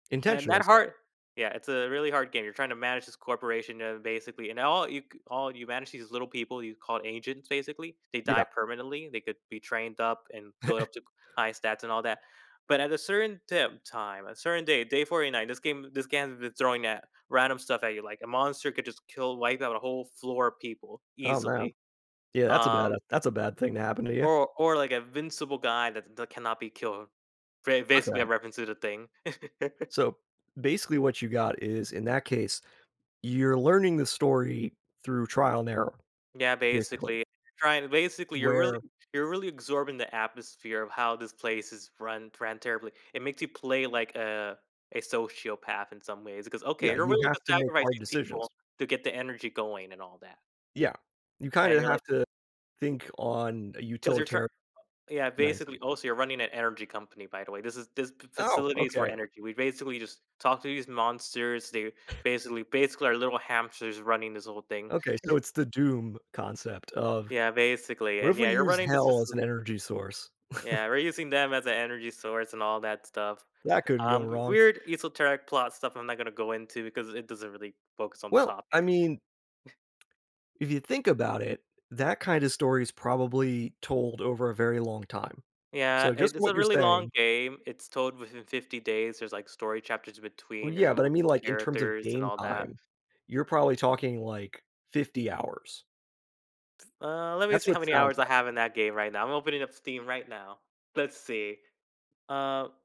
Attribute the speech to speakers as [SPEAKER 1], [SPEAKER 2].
[SPEAKER 1] And
[SPEAKER 2] Intentionally
[SPEAKER 1] that
[SPEAKER 2] so
[SPEAKER 1] hard yeah, it's a really hard game, you're trying to manage this corporation, uh, basically, and all you c all you manage these little people you call agents, basically, they die
[SPEAKER 2] Yeah.
[SPEAKER 1] permanently, they could be trained up and build up to c high stats and all that. But at a certain tim time, a certain day, day 49, this game this game has been throwing at random stuff at you, like, a monster could just kill wipe out a whole floor a people
[SPEAKER 2] Oh man.
[SPEAKER 1] easily,
[SPEAKER 2] Yeah, that's a bad
[SPEAKER 1] um
[SPEAKER 2] that's a bad thing to happen to you.
[SPEAKER 1] or or, like, invincible guy tha that cannot be killed. Ba basically
[SPEAKER 2] Okay.
[SPEAKER 1] a reference to The Thing.
[SPEAKER 2] So, basically what you got is, in that case, you're learning the story through trial and error,
[SPEAKER 1] Yeah,
[SPEAKER 2] basically.
[SPEAKER 1] basically trying basically you're really
[SPEAKER 2] Where
[SPEAKER 1] you're really absorbing the atmosphere of how this place is run ran terribly, it makes you play like a a sociopath in some ways, 'cause, okay,
[SPEAKER 2] Yeah,
[SPEAKER 1] you're
[SPEAKER 2] you
[SPEAKER 1] willing to
[SPEAKER 2] have to make
[SPEAKER 1] sacrifice
[SPEAKER 2] hard
[SPEAKER 1] these
[SPEAKER 2] decisions.
[SPEAKER 1] people to get the energy going and all that.
[SPEAKER 2] Yeah, you kind
[SPEAKER 1] And
[SPEAKER 2] of
[SPEAKER 1] you're
[SPEAKER 2] have
[SPEAKER 1] like
[SPEAKER 2] to think on a
[SPEAKER 1] 'Cause you're, tr
[SPEAKER 2] utilitar
[SPEAKER 1] yeah,
[SPEAKER 2] nice.
[SPEAKER 1] basically, also you're running an energy company, by the way. This is this f
[SPEAKER 2] Oh,
[SPEAKER 1] facilities for
[SPEAKER 2] okay.
[SPEAKER 1] energy, we basically just talk to these monsters, they basically basically our little hamsters running this whole thing.
[SPEAKER 2] Okay, so it's the doom concept of,
[SPEAKER 1] Yeah, basically,
[SPEAKER 2] "What
[SPEAKER 1] and
[SPEAKER 2] if
[SPEAKER 1] yeah,
[SPEAKER 2] we
[SPEAKER 1] you're
[SPEAKER 2] use
[SPEAKER 1] running this
[SPEAKER 2] hell as
[SPEAKER 1] facil
[SPEAKER 2] an energy source?"
[SPEAKER 1] Yeah, we're using them as an energy source and all that stuff,
[SPEAKER 2] That couldn't go
[SPEAKER 1] um,
[SPEAKER 2] wrong.
[SPEAKER 1] weird esoteric plot stuff I'm not gonna go into because it doesn't really focus on the
[SPEAKER 2] Well,
[SPEAKER 1] topic.
[SPEAKER 2] I mean, if you think about it, that kinda story is probably told over a very long time.
[SPEAKER 1] Yeah,
[SPEAKER 2] So just
[SPEAKER 1] it it's
[SPEAKER 2] what
[SPEAKER 1] a
[SPEAKER 2] you're
[SPEAKER 1] really long
[SPEAKER 2] saying
[SPEAKER 1] game, it's told within 50 days, there's, like, story chapters in
[SPEAKER 2] Well
[SPEAKER 1] between, there's
[SPEAKER 2] yeah, but I mean,
[SPEAKER 1] multiple
[SPEAKER 2] like, in terms of
[SPEAKER 1] characters and
[SPEAKER 2] game
[SPEAKER 1] all that.
[SPEAKER 2] time, you're probably talking, like, 50 hours.
[SPEAKER 1] Uh, let me
[SPEAKER 2] That's
[SPEAKER 1] see
[SPEAKER 2] what
[SPEAKER 1] how
[SPEAKER 2] it
[SPEAKER 1] many
[SPEAKER 2] sounds
[SPEAKER 1] hours I
[SPEAKER 2] like.
[SPEAKER 1] have in that game right now; I'm opening up Steam right now. Let's see, uh